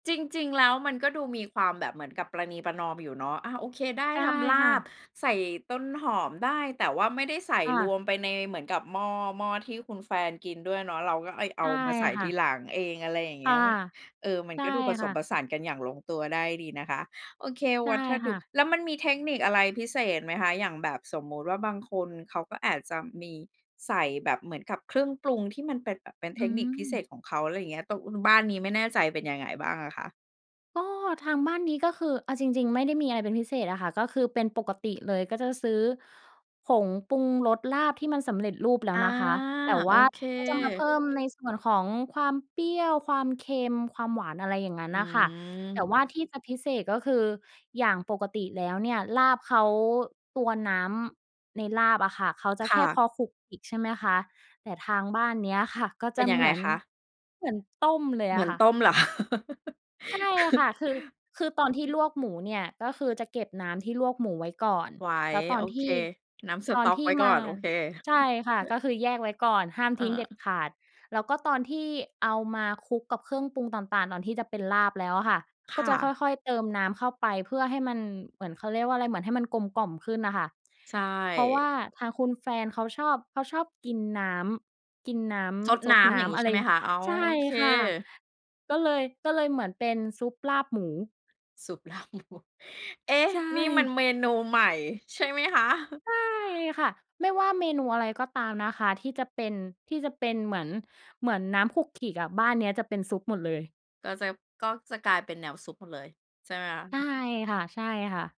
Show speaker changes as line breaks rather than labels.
จริง ๆ แล้วมันก็ดูมีความแบบเหมือนกับประนีประนอมอยู่เนาะ อา โอเค ได้
ใช่
ทำล
ค่
า
ะ
บใส่ต้นหอมได้ แต่ว่าไม่ได้ใส่
ค่
ร
ะ
วมไปในเหมือนกับหม้อ หม้อที่คุณแฟนกินด้วยเนาะ เราก็ เอ๊ย เ
ใ
อ
ช
า
่
มาใส่
ค
ท
่
ี
ะ
หลังเอง อะไรอย่างเ
ค
งี
่
้
ะ
ย เอ๊ย เออ มั
ใ
น
ช่
ก็ดูผส
ค่
มผ
ะ
สานกันอย่างลงตัวได้ดีนะคะ โอเค
ใช
ว
่
ัตถ
ค
ดุ
่ะ
แล้วมันมีเทคนิคอะไรพิเศษไหมคะ อย่างแบบ สมมุติว่าบางคนเขาก็อาจจะมีใส่แบบเหมือนกับเครื่องปรุงที่มันเป็นแบบ เป็นเ
อ
ท
ื
คนิคพิเศ
ม
ษของเขา อะไรอย่างเงี้ย ตรง อ บ้านนี้ไม่แน่ใจ เป็นยังไงบ้างอะคะ?
ก็ทางบ้านนี้ก็คือ เอาจริง ๆ ไม่ได้มีอะไรเป็นพิเศษอะค่ะ ก็คือเป็นปกติเลย ก็จะซื้อผงปรุงรสลาบที่มันสำเร็จรูปแล้
อ
ว
า
นะคะ แต่
โ
ว
อ
่า
เค
ก็จะ มาเพิ่มในส่วนของความเปรี้ยว ความเค็ม ความหวาน อะไรอย่างงั้น
อื
น่ะค่ะ แต่
ม
ว่าที่จะพิเศษก็คือ อย่างปกติแล้วเนี่ย ลาบเขา ตัวน้ำในลาบอะค่ะ เขาจะ
ค
แค
่
่
ะ
พอขลุกขลิกใช่ไหมคะ แต่ทางบ้านเนี้ยค่ะก็
เ
จ
ป็
ะ
นยั
เ
ง
ห
ไ
ม
ง
ือน
คะ?
เหมือนต้มเลย
เหม
อ
ื
ะ
อน
ค่
ต
ะ
้มเหรอ คะ?
ใช่ค่ะ คือ คือตอนที่ลวกหมูเนี่ย ก็คือจะเก็บน้ำที่ลวกหมูไว้ก่อน
ไว้
แล้วตอ
โอ
นท
เค
ี่
น้ำส
ตอ
ต
น
๊อก
ที
ไ
่
ว้ก
ม
่อ
า
น โอเค
ใช่ค่ะ ก็คือแยกไว้ก่อน ห้าม
อ
ทิ้งเด็ด
า
ขาด แล้วก็ตอนที่เอามาคลุกกับเครื่องปรุงต่าง ๆ ตอนที่จะเป็นลาบแล้วอะค่ะ
ค
ก็
่
จะค
ะ
่อย ๆ เติมน้ำเข้าไปเพื่อให้มันเหมือน เขาเรียกว่าอะไร เหมือนให้มันกลมกล่อมขึ้นอะค่ะ
ใช
เพราะว
่
่าทางคุณแฟนเขาชอบ เขาชอบกินน้ำ กินน้
ซด
ำซ
น
ด
้
น
ำ อย
้
่างงี
ำ
้
อ
ใ
ะ
ช
ไร
่ไหมคะ อ๋อ
ใช่
โอเค?
ค่ะ ก็เลย ก็เลยเหมือนเป็นซุปลาบหมู
ซุป ลาบวัว เอ๊ะ
ใช
นี่มัน
่
เมนูใหม่ ใช่ไหมคะ?
ใช่ค่ะ ไม่ว่าเมนูอะไรก็ตามนะคะ ที่จะเป็น ที่จะเป็นเหมือน เหมือนน้ำขลุกขลิกอะ บ้านเนี้ยจะเป็นซุปหมดเลย
ก็จะ ก็จะกลายเป็นแนวซุปหมดเลย ใช่ไหมคะ?
ใช่ค่ะ ๆ